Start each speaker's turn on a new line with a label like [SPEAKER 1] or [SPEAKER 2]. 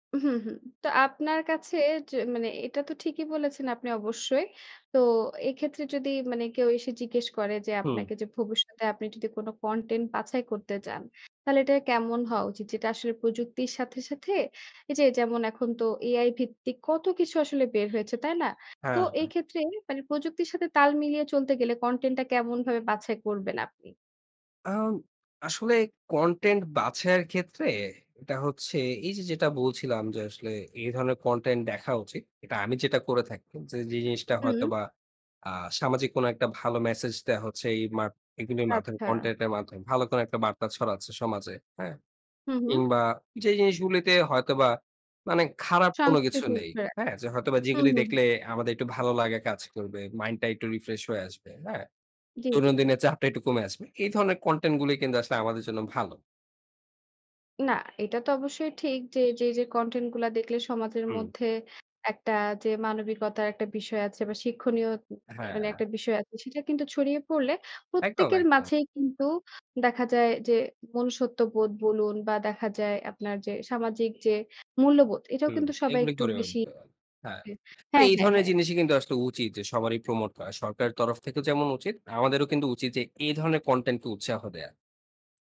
[SPEAKER 1] হু, হুম। তো, আপনার কাছে য মানে, এটা তো ঠিকই বলেছেন আপনি, অবশ্যই। তো এক্ষেত্রে, যদি মানে কেউ এসে জিজ্ঞেস করে যে
[SPEAKER 2] হুম।
[SPEAKER 1] আপনাকে যে, ভবিষ্যতে আপনি যদি কোন কনটেন্ট বাছাই করতে চান, তাহলে এটা কেমন হওয়া উচিত? যেটা আসলে, প্রযুক্তির সাথে, সাথে, এই যে যেমন, এখন তো এআই ভিত্তিক কত কিছু আসলে বের হয়েছে, তাই না? তো,
[SPEAKER 2] হ্যাঁ,
[SPEAKER 1] এই
[SPEAKER 2] হ্যাঁ।
[SPEAKER 1] ক্ষেত্রে প্রযুক্তির সাথে তাল মিলিয়ে চলতে গেলে, কনটেন্টটা কেমনভাবে বাছাই করবেন আপনি?
[SPEAKER 2] আ আসলে, কনটেন্ট বাছায়ের ক্ষেত্রে এটা হচ্ছে, এই যে, যেটা বলছিলাম যে, আসলে এই ধরনের কনটেন্ট দেখা উচিত। এটা আমি যেটা করে থাকি যে, যে জিনিসটা হয়তো
[SPEAKER 1] হুম।
[SPEAKER 2] বা আ সামাজিক কোন একটা ভালো মেসেজ দেওয়া হচ্ছে এই মা এগুলোর মাধ্যমে
[SPEAKER 1] আচ্ছা।
[SPEAKER 2] কনটেন্ট এর মাধ্যমে, ভালো কোন একটা বার্তা ছড়াচ্ছে সমাজে। হ্যাঁ,
[SPEAKER 1] হুম।
[SPEAKER 2] কিংবা যে জিনিসগুলোতে হয়তোবা মানে খারাপ কোন কিছু
[SPEAKER 1] সংস্কৃতির,
[SPEAKER 2] নেই।
[SPEAKER 1] কারেক্ট।
[SPEAKER 2] হ্যাঁ, হয়তোবা
[SPEAKER 1] হুম,
[SPEAKER 2] যেগুলো
[SPEAKER 1] হুম, হুম।
[SPEAKER 2] দেখলে, আমাদের একটু ভালো লাগে কাজ করবে। মাইন্ড টা একটু রিফ্রেশ হয়ে আসবে। হ্যাঁ।
[SPEAKER 1] জ্বী, জ্বী, জ্বী।
[SPEAKER 2] দৈনন্দিনের চাপটা একটু কমে আসবে। এই ধরনের কনটেন্ট গুলো কিন্তু আসলে, আমাদের জন্য ভালো।
[SPEAKER 1] না, এটা তো অবশ্যই ঠিক যে, যে যে কনটেন্ট গুলা দেখলে সমাজের
[SPEAKER 2] হুম।
[SPEAKER 1] মধ্যে একটা যে মানবিকতার একটা বিষয় আছে বা শিক্ষণীয়
[SPEAKER 2] হ্যাঁ।
[SPEAKER 1] একটা বিষয় আছে, সেটা কিন্তু ছড়িয়ে পড়লে
[SPEAKER 2] একদম,
[SPEAKER 1] প্রত্যেকের
[SPEAKER 2] একদম।
[SPEAKER 1] মাঝেই কিন্তু দেখা যায় যে, মনুষ্যত্ববোধ বলুন, বা দেখা যায় আপনার যে সামাজিক যে মূল্যবোধ, এটাও
[SPEAKER 2] হুম,
[SPEAKER 1] কিন্তু সবাই
[SPEAKER 2] এগুলো
[SPEAKER 1] একটু
[SPEAKER 2] করেও
[SPEAKER 1] বেশি
[SPEAKER 2] দিতে পারে। হ্যাঁ। তো
[SPEAKER 1] হ্যাঁ,
[SPEAKER 2] এই
[SPEAKER 1] হ্যাঁ,
[SPEAKER 2] ধরনের
[SPEAKER 1] হ্যাঁ।
[SPEAKER 2] জিনিসই কিন্তু আসলে উচিত যে, সবারই প্রমোট করা। সরকারের তরফ থেকে যেমন উচিত, আমাদেরও কিন্তু উচিত যে, এই ধরনের কনটেন্ট কে উৎসাহ দেওয়া।